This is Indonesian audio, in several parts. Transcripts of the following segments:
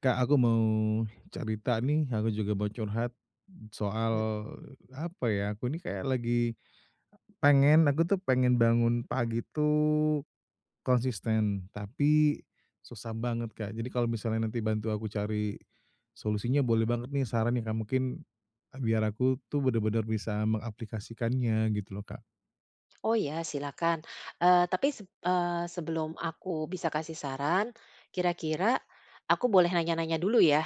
Kak, aku mau cerita nih, aku juga mau curhat soal, Mhm. apa ya, aku nih kayak lagi e pengen aku tuh pengen bangun pagi tuh konsisten, tapi susah banget Kak. Jadi, kalau misalnya nanti bantu aku cari solusinya boleh banget nih, saran nih Kak, mungkin biar aku tuh benar-benar bisa mengaplikasikannya, gitu loh Kak. Oh iya, silahkan, eee, tapi seb eee, sebelum aku bisa kasih saran, kira-kira aku boleh nanya-nanya dulu ya?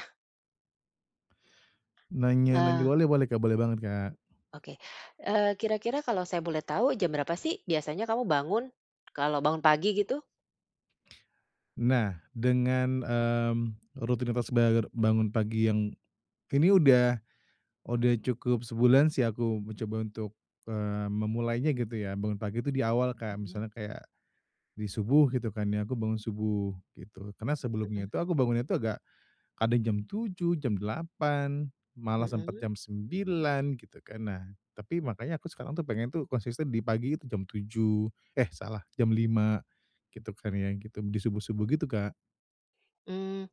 Nanya-nanya Eee boleh boleh Kak, boleh banget, Kak. Oke, eee, kira-kira kalau saya boleh tahu, jam berapa sih biasanya kamu bangun, kalau bangun pagi gitu? Nah, dengan, mmm, rutinitas bagara bangun pagi yang ini udah udah cukup sebulan sih, aku mencoba untuk, eee, memulainya gitu ya, bangun pagi itu di awal Kak. Mhm. Misalnya kayak, di subuh gitu kan ya, aku bangun subuh, gitu. Karena sebelumnya Mhm. itu, aku bangunnya tuh agak kadang jam 7.00, jam 8.00, malah sempet Mhm? jam 9.00 gitu kan. Nah, tapi makanya aku tuh pengen tuh konsisten di pagi itu jam tujuh eh salah, jam 5.00, gitu kan ya, gitu, di subuh-subuh gitu Kak. Mmm,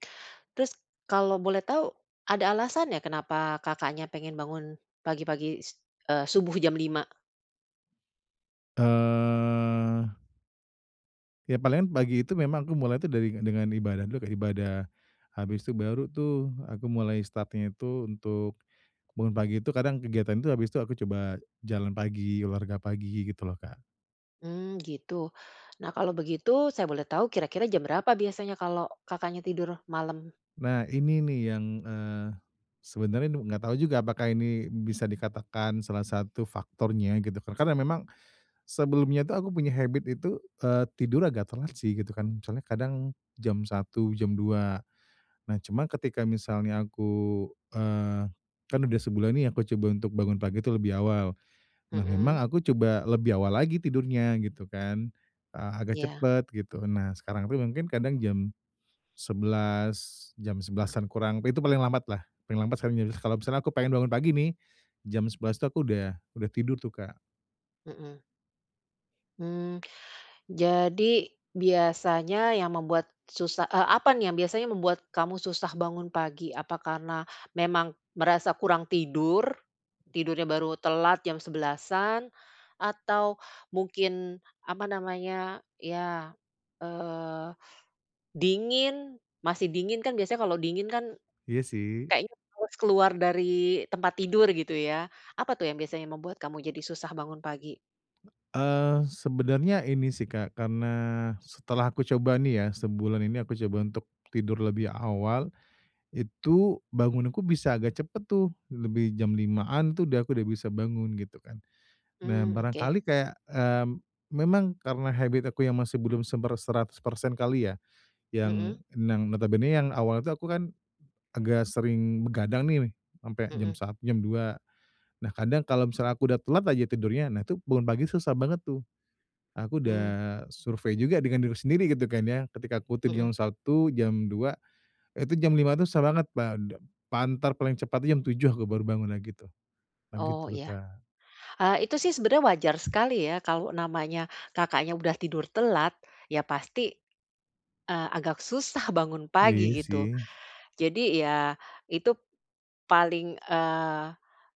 terus kalau boleh tahu, ada alasannya kenapa Kakaknya, pengen bangun, pagi-pagi, s eee, subuh jam 5? Eee. Ya palingan pagi itu memang aku mulai itu dari dengan ibadah dulu kayak ibadah, habis itu baru tuh aku mulai start-nya itu untuk, bangun pagi itu kadang kegiatan itu habis itu aku coba jalan pagi, olahraga pagi gitu loh Kak. Mmm, gitu, nah kalau begitu saya boleh tahu kira-kira jam berapa biasanya kalau Kakaknya tidur malam? Nah ini nih yang, eee, sebenernya enggak tahu juga apakah ini bisa dikatakan salah satu faktornya gitu karena memang, sebelumnya itu aku punya habit itu, eee, tidur agak telat sih gitu kan misalnya kadang, jam 1 jam 2, nah cuman ketika misalnya aku, eee, kan udah sebulan nih aku coba untuk bangun pagi itu lebih awal, nah memang Mhm. aku coba lebih awal lagi tidurnya gitu kan, eee, agak Iya. cepet gitu nah sekarang itu mungkin kadang jam, 11 jam 11-an kurang itu paling lambat lah paling lambat sekarang jadi kalau misalnya aku pengen bangun pagi nih, jam 11 tuh aku udah udah tidur tuh Kak. Mhm. Mmm. Jadi, biasanya yang membuat susah eee, apa nih yang biasanya membuat kamu susah bangun pagi? Apa karena memang merasa kurang tidur? Tidurnya baru telat jam 11:00-an, atau mungkin, apa namanya, iya, eee, dingin? Masih dingin, kan biasanya kalau dingin kan Iya, sih. kayaknya males keluar dari tempat tidur, gitu ya. Apa tuh yang biasanya membuat kamu jadi susah bangun pagi? Eee, sebenernya ini sih, Kak, karena setelah aku coba nih ya, sebulan ini aku coba untuk tidur lebih awal, itu bangunku bisa agak cepet tuh, lebih jam 05:00-an tuh aku dah aku udah bisa bangun, gitu kan. Nah, Mmm, oke. barangkali kayak, eee, memang karena habit aku yang masih belum seber seratus persen kali ya. Mhm. Yang nang notabenenya yang awalnya tuh aku kan agak sering begadang nih, sampe jam Mhm. sa jam 02:00. Nah, kadang kalau misalnya aku udah telat aja tidurnya, nah, itu bangun pagi susah banget tuh. Aku udah Mmm. survei juga dengan diri sendiri, gitu kan, ya. Ketika aku Mhm. tidur jam 01:00, jam 02:00, itu jam 05:00 tuh susah banget, pade pa entar paling cepat tuh jam 07:00 aku baru bangun lagi, gitu. Nah, Oh, gitu tuh, iya. Kak. Eee, itu sih sebenernya wajar sekali ya, kalau namanya Kakaknya udah tidur telat, ya pasti, eee, agak susah bangun pagi, Iya, gitu. sih. Jadi, ya itu paling, eee,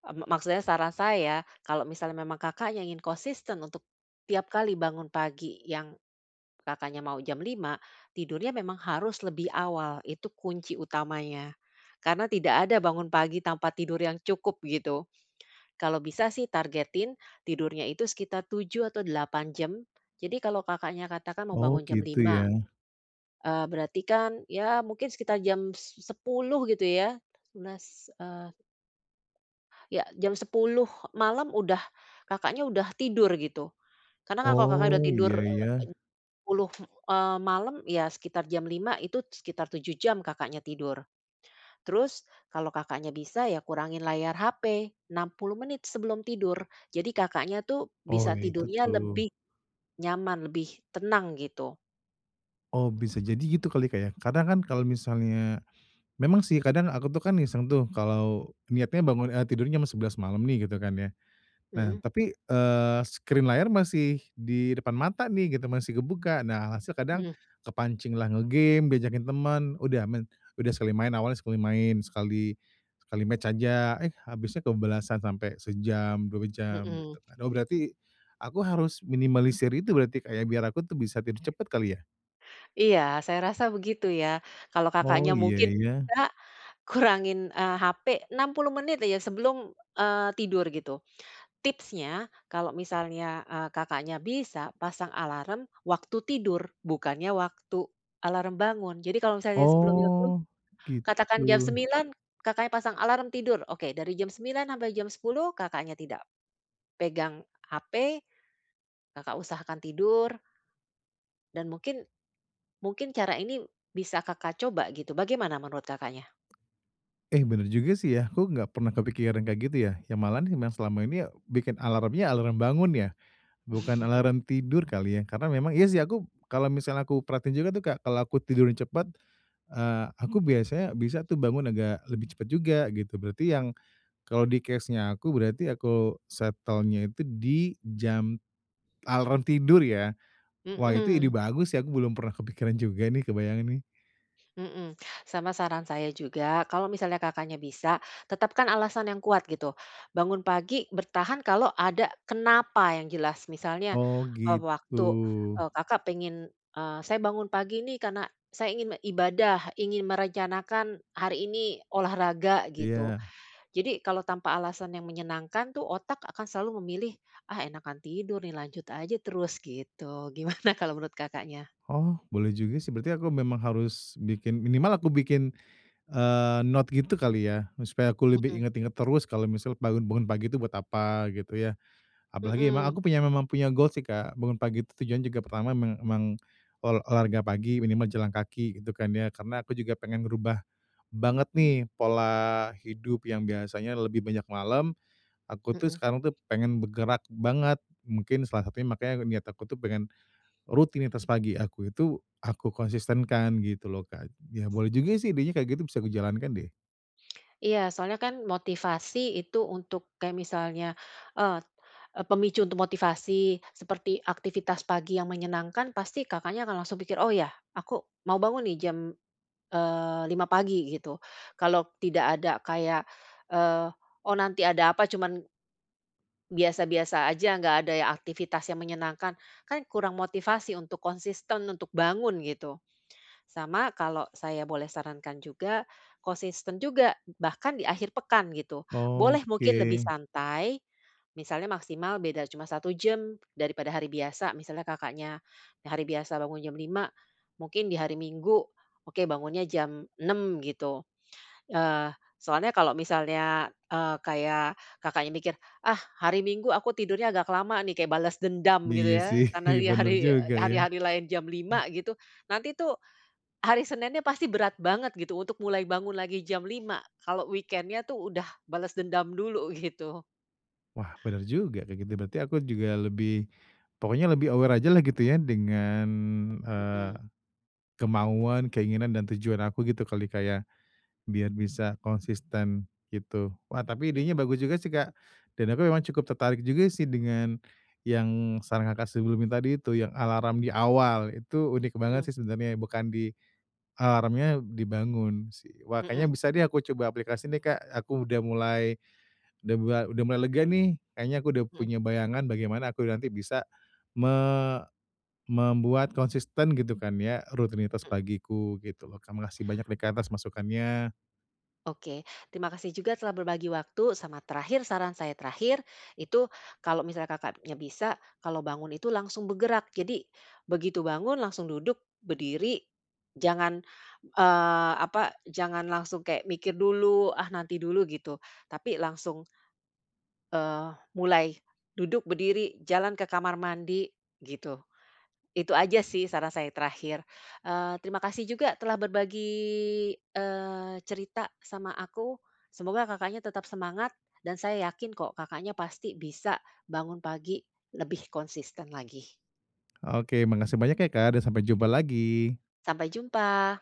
e me maksudnya saran saya, kalau misalnya memang Kakaknya ingin konsisten untuk tiap kali bangun pagi, yang Kakaknya mau jam 05:00, tidurnya memang harus lebih awal, itu kunci utamanya. Karena tidak ada bangun pagi tanpa tidur yang cukup, gitu. Kalau bisa sih targetin tidurnya itu sekitar 7 atau 8 jam. Jadi kalau Kakaknya katakan mau Oh, bangun jam gitu, 05:00, ya. eee, berarti kan, ya mungkin sekitar jam 10:00 gitu ya, 11:00, eee Ya, jam 10:00 malam udah Kakaknya udah tidur, gitu. Karena kalau Kakaknya udah Oh, tidur, iya eee, ya. 10:00, eee, malem ya, sekitar jam 05:00, itu sekitar 7 jam Kakaknya tidur. Terus kalau Kakaknya bisa, ya kurangin layar HP, 60 menit sebelum tidur, jadi Kakaknya tuh Oh, bisa iya, itu tidurnya tuh. lebih nyaman, lebih tenang, gitu. Oh, bisa jadi gitu kali ya, Kak, ya. Kadang kan kalau Mhm. misalnya memang sih kadang aku tuh kan iseng tuh, kalau niatnya bangun eee, tidurnya jam 11 :00 malam nih, gitu kan ya. Nah, Mhm. tapi, eee, screen layar masih di depan mata nih, gitu, masih kebuka. Nah, se kadang Mhm. kepancinglah nge-game, diajakin temen. Udah, main udah sekali main awalnya sekali main, sekali sekali match aja. Eh, habisnya kebablasan sampai sejam, 2 jam, Mhm. gitu. Oh berarti, aku harus minimalisir itu berarti, Kak, ya, biar aku tuh bisa tidur cepet kali ya? Iya, saya rasa begitu ya. Kalau Oh, Kakaknya, iya mungkin ya. bisa, kurangin, eee, HP 60 menit aja sebelum, eee, tidur, gitu. Tipsnya, kalau misalnya, eee, Kakaknya bisa, pasang alarm waktu tidur, bukannya waktu alarm bangun. Jadi kalau misalnya sebelumnya itu Oh, katakan jam gitu. 09:00 Kakaknya pasang alarm tidur. Oke, dari jam 9:00 sampai jam 10:00 Kakaknya tidak pegang HP, Kakak usahakan tidur. Dan mungkin, mungkin cara ini bisa Kakak coba, gitu. Bagaimana menurut Kakaknya? Eh, bener juga sih ya. Aku enggak pernah kepikiran kayak gitu ya, ya malahan yang selama ini ya bikin alarmnya, alarm bangun ya, bukan alarm tidur kali ya. Karena memang iya sih aku kalau misalnya aku perhatiin juga tuh kayak kalau aku tidur cepet, eee, aku biasanya bisa tuh bangun agak lebih cepet juga, gitu. Berarti yang kalau di case-nya aku, berarti aku setelnya itu di jam alarm tidur ya? Wah, itu ide Mhm. bagus sih, aku belum pernah kepikiran juga nih, kebayang nih. Mhm. Sama saran saya juga, kalau misalnya Kakaknya bisa, tetapkan alasan yang kuat, gitu. Bangun pagi bertahan kalau ada kenapa yang jelas. Misalnya, Oh, eee, waktu, gitu. eee, Kakak pengen, eee, "Saya bangun pagi nih, karena saya ingin ibadah, ingin merencanakan hari ini olahraga," gitu. Iya. Jadi kalau tanpa alasan yang menyenangkan tuh otak akan selalu memilih, "Ah, enakan tidur nih, lanjut aja terus," gitu. Gimana kalau menurut Kakaknya? Oh, boleh juga sih. Berarti aku memang harus bikin minimal aku bikin, eee, note gitu kali ya, supaya aku lebih Mhm. inget-inget terus kalau misalnya bangun bangun pagi itu buat apa, gitu ya. Apalagi emang Mhm. aku punya memang punya goal sih, Kak, bangun pagi itu tujuannya juga pertama meng emang ol olahraga pagi, minimal jalan kaki gitu kan ya. Karena aku juga pengen ngerubah banget nih pola hidup yang biasanya lebih banyak malam. Aku tuh Mhm. sekarang tuh, pengen bergerak banget, mungkin salah satunya makanya niat aku tuh pengen rutinitas pagi aku itu, aku konsistenkan gitu loh, Kak. Ya boleh juga sih, idenya kayak gitu bisa aku jalankan deh. Iya, soalnya kan, motivasi itu untuk, kayak misalnya, eee, e pemicu untuk motivasi. Seperti aktivitas pagi yang menyenangkan, pasti Kakaknya akan langsung pikir, "Oh iya, aku mau bangun nih, jam, eee, 5.00 pagi," gitu. Kalau tidak ada kayak, eee, "Oh, nanti ada apa," cuman biasa-biasa aja, nggak ada ya aktivitas yang menyenangkan, kan kurang motivasi untuk konsisten untuk bangun, gitu. Sama, kalau saya boleh sarankan juga, konsisten juga, bahkan di akhir pekan, gitu. Boleh mungkin lebih Oke. santai, misalnya maksimal beda cuma 1 jam daripada hari biasa. Misalnya Kakaknya, yang hari biasa bangun jam 5.00, mungkin di hari Minggu, oke, bangunnya jam 6.00, gitu. Eee, soalnya kalau misalnya, eee, kayak Kakaknya mikir, "Ah, hari Minggu aku tidurnya agak lama, nih," kayak balas dendam, gitu Iya, ya, sih. karena di Benar hari e juga, ya. hari-hari lain jam 5.00, gitu, nanti tuh, hari Seninnya pasti berat banget, gitu, untuk mulai bangun lagi jam 5.00. Kalau weekend-nya tuh udah bales dendam dulu, gitu. Wah, benar juga, kayak gitu. Berarti aku juga lebih pokoknya lebih aware ajalah, gitu ya, dengan, eee, Mhm. kemauan, keinginan dan tujuan aku, gitu kali, Kak, ya? Biar bisa konsisten, gitu. Wah, tapi Mhm. idenya bagus juga sih, Kak. Dan aku memang cukup tertarik juga sih, dengan yang saran Kakak sebelumnya tadi itu, yang alarm di awal. Itu unik banget Mhm. sih, sebenernya, ya. Bukan di alarmnya dibangun, sih. Wah, kayaknya Mhm. bisa deh, aku coba aplikasi nih, Kak. Aku udah mulai, udah mua udah mulai lega, nih. Kayaknya aku udah Mhm. punya bayangan bagaimana aku nanti bisa me membuat konsisten, gitu kan, ya, rutinitas Mhm. pagiku, gitu lo. KaK, makasih banyak nih Kak, atas masukannya. Oke. Terima kasih juga telah berbagi waktu. Sama terakhir, saran saya terakhir, itu kalau misalnya Kakaknya bisa, kalau bangun itu langsung bergerak. Jadi, begitu bangun, langsung duduk, berdiri. Jangan, eee, apa, jangan langsung kayak mikir dulu, "Ah, nanti dulu," gitu. Tapi, langsung eee, mulai. Duduk, berdiri, jalan ke kamar mandi, gitu. Itu aja sih, saran saya yang terakhir. Eee, terima kasih juga telah berbagi, eee, cerita sama aku. Semoga Kakaknya tetap semangat. Dan saya yakin kok, Kakaknya pasti bisa bangun pagi, lebih konsisten lagi. Oke, makasih banyak ya, Kak, dan sampai jumpa lagi! Sampai jumpa!